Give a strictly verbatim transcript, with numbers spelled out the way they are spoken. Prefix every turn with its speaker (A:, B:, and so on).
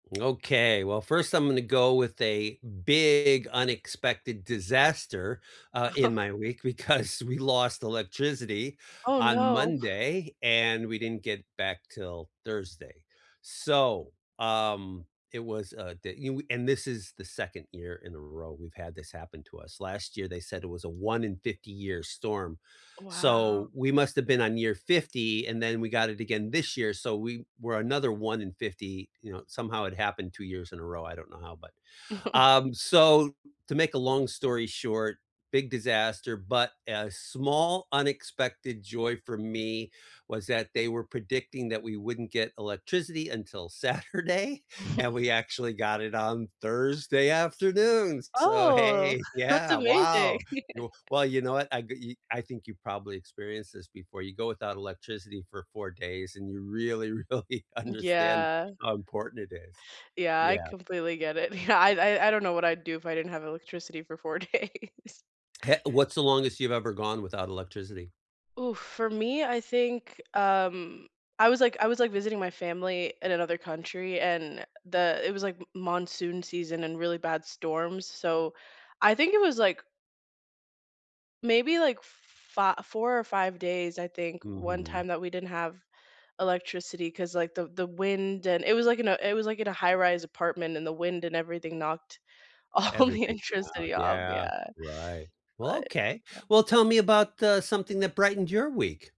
A: Okay. Well, first, I'm gonna go with a big unexpected disaster, uh, in my week because we lost electricity
B: Oh
A: on
B: no.
A: Monday, and we didn't get back till Thursday. So, um, it was, uh, da and we and this is the second year in a row we've had this happen to us. Last year, they said it was a one in fifty year storm. So
B: Wow.
A: we must have been on year fifty, and then we got it again this year. So we were another one in fifty. You know, somehow it happened two years in a row, I don't know how, but Um, so, to make a long story short, big disaster, but a small unexpected joy for me was that they were predicting that we wouldn't get electricity until Saturday, and we actually got it on Thursday afternoon, s so
B: Oh,
A: hey,
B: that's
A: yeah,
B: amazing.
A: wow. You well, you know what? I ge ye I think you probably experienced this before. You go without electricity for four days, and you really, really understand
B: Yeah.
A: how important it is.
B: Yeah. I
A: Yeah.
B: completely get it. Yeah, I I I don't know what I'd do if I didn't have electricity for four days.
A: He what's the longest you've ever gone without electricity?
B: Oof. For me, I think, um, I was like I was like visiting my family in another country and the it was like m monsoon season and really bad storms. So, I think it was like Maybe like f fi four or five days, I think, one
A: Mhm.
B: time that we didn't have electricity 'cause, like, the the wind and it was, like, in a it was, like, in a high rise apartment, and the wind and everything knocked all the
A: Everything, yeah,
B: electricity off,
A: yeah,
B: yeah.
A: right. Well,
B: But
A: okay.
B: yeah.
A: Well, tell me about, uh, something that brightened your week.